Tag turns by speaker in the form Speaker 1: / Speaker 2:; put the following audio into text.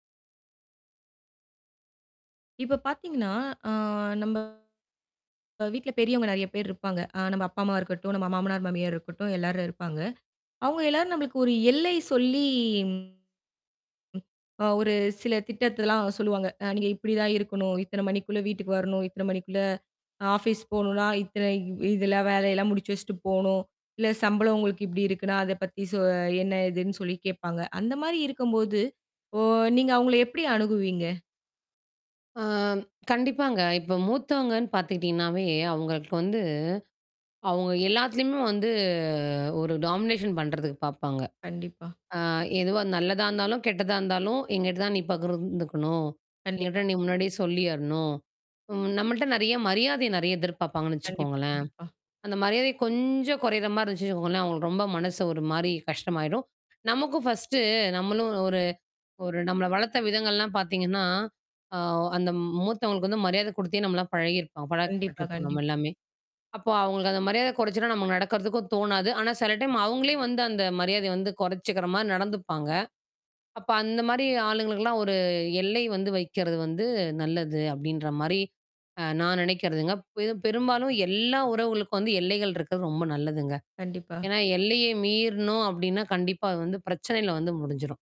Speaker 1: இப்ப பார்த்தீங்கன்னா, அ நம்ப அ வீட்ல பெரியவங்க நெறைய பேர் இருப்பாங்க. அ நம்ம அப்பா, அம்மா இருக்கட்டும், நம்ம மாமனார், மாமியார் இருக்கட்டும் எல்லாரும் இருப்பாங்க. அவங்க எல்லாரும் நம்மளுக்கு ஒரு எல்லை சொல்லி, அ ஒரு சில திட்டத்தில்லாம் சொல்லுவாங்க. அ நீங்க இப்படிதான் இருக்கணும். இத்தன மணிக்குள்ள வீட்டுக்கு வரணும். இத்தன மணிக்குள்ள ஆஃபீஸ் போணும்னா, இத்தன இதெல்லாம் வேலையெல்லாம் முடிச்சு வச்சுட்டு போணும். இல்ல சம்பளம் உங்களுக்கு இப்படி இருக்குன்னா, அத பத்தி சொ என்ன ஏதுன்னு சொல்லி கேட்பாங்க. அந்த மாரி இருக்கும்போது ஓ! நீங்க அவங்கள எப்படி அணுகுவீங்க?
Speaker 2: ஆ கண்டிப்பாங்க. இப்ப மூத்தவங்கன்னு பார்த்துக்கிட்டீங்கன்னாவே, அவங்களுக்கு வந்து அவங்க எல்லாத்துலயுமே வந்து ஒரு டாமினேஷன் பண்றதுக்கு பாரப்பாங்க.
Speaker 1: கண்டிப்பா.
Speaker 2: ஆ எதுவா நல்லதா இருந்தாலும், கெட்டதா இருந்தாலும் எங்கிட்ட தான் நீ பகிர்ந்துக்கணும்.
Speaker 1: கண்டிப்பா.
Speaker 2: எங்கிட்ட நீ முன்னாடியே சொல்லியரணும். ம் நம்மள்ட்ட நெறைய மரியாதைய நெறைய எதிர்பார்ப்பாங்கன்னு
Speaker 1: கண்டிப்பா,
Speaker 2: வச்சுக்கோங்களேன்.
Speaker 1: கண்டிப்பா.
Speaker 2: அந்த மரியாதை கொஞ்சம் கொறையிற மாரி இருந்துச்சுவச்சுக்கோங்களேன், அவங்களுக்கு ரொம்ப மனசு ஒரு மாரி கஷ்டமாயிரும். நமக்கும் ஃபர்ஸ்ட்டு நம்மளும் ஒரு ஒரு நம்மள வளர்த்த விதங்கள்லாம் பார்த்தீங்கன்னா, அ அந்த மூத்தவங்களுக்கு வந்து மரியாத குடுத்தே நம்மலாம் பழகியிருப்போ
Speaker 1: கண்டிப்பா,
Speaker 2: பழக்கப்பட்டுருப்போம் நம்ம
Speaker 1: கண்டிப்பா.
Speaker 2: எல்லாமே. அப்போ அவங்களுக்கு அந்த மரியாத கொறச்சுலா நமக்கு நடக்கிறதுக்கும் தோணாது. ஆனா சில டைம் அவங்களே வந்து அந்த மரியாதைய வந்து கொறச்சுக்கிற மாரி நடந்துப்பாங்க. அப்ப அந்த மாரி ஆளுங்களுக்கெல்லாம் ஒரு எல்லை வந்து வைக்கிறது வந்து நல்லது அப்டின்ற மாரி, அ நான் நெனைக்கிறதுங்க. து பெரும்பாலும் எல்லா உறவுகளுக்கும் வந்து எல்லைகள் இருக்கிறது ரொம்ப நல்லதுங்க.
Speaker 1: கண்டிப்பா.
Speaker 2: ஏனா, எல்லைய மீறுனோம் அப்டின்னா, கண்டிப்பா அது வந்து பிரச்சனையில வந்து முடிஞ்சிரும்.